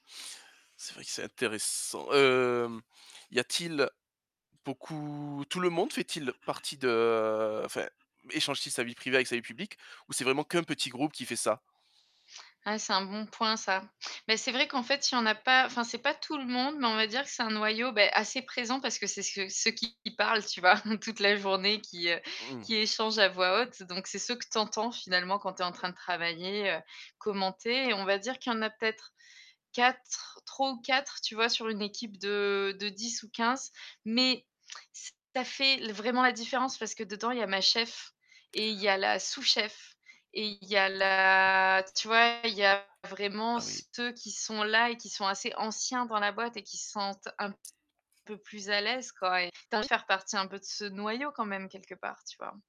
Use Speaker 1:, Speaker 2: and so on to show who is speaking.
Speaker 1: C'est vrai que c'est intéressant. Hem, y a-t-il beaucoup tout le monde fait-il partie de heu, enfin, échange-t-il sa vie privée avec sa vie publique ou c'est vraiment qu'un petit groupe qui fait ça?
Speaker 2: Ah, c'est un bon point ça mais c'est vrai qu'en fait il y en a pas enfin c'est pas tout le monde mais on va dire que c'est un noyau, beh, assez présent. Parce que c'est ce que ceux qui qui parlent, tu vois? Toute la journée, qui, heu,
Speaker 1: Mmh.
Speaker 2: qui échangent à voix haute donc c'est ceux que tu entends finalement quand tu es en train de travailler. Heu, commenter et on va dire qu'il y en a peut-être 4 3 ou 4, tu vois? Sur une équipe de de 10 ou 15 mais ç ça fait vraiment la différence. Parce que dedans il y a ma chef et il y a la sous-chef et il y a
Speaker 1: Oui.
Speaker 2: la tu vois, il y a vraiment
Speaker 1: Ah oui.
Speaker 2: ceux qui sont là et qui sont assez anciens dans la boîte et qui se sentent un peu plus à l'aise quoi et tu as envie de faire partie un peu de ce noyau quand même, quelque part, tu vois?